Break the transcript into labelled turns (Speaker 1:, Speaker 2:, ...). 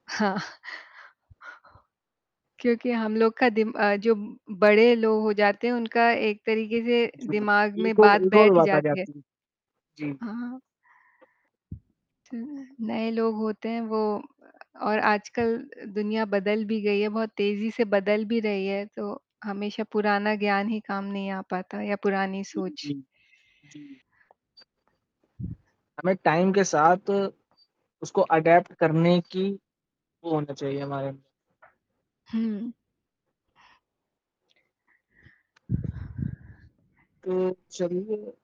Speaker 1: हाँ। क्योंकि हम लोग का दिम अ, जो बड़े लोग हो जाते हैं, उनका एक तरीके से
Speaker 2: जी
Speaker 1: दिमाग में
Speaker 2: एक और
Speaker 1: बात
Speaker 2: एक और
Speaker 1: बैठ
Speaker 2: बात आ
Speaker 1: जाती है।
Speaker 2: जाती है जी।
Speaker 1: हाँ, हाँ। [unintelligible] नए लोग होते हैं, वो और आजकल दुनिया बदल भी गयी है, बहुत तेजी से बदल भी रही है, तो हमेशा पुराना ज्ञान ही काम नहीं आ पाता या पुरानी
Speaker 2: जी,
Speaker 1: सोच।
Speaker 2: जी, जी। हमें टाइम के साथ उसको एडाप्ट करने की वो होना चाहिए हमारे अंदर।
Speaker 1: हुँ।
Speaker 2: तो चलिए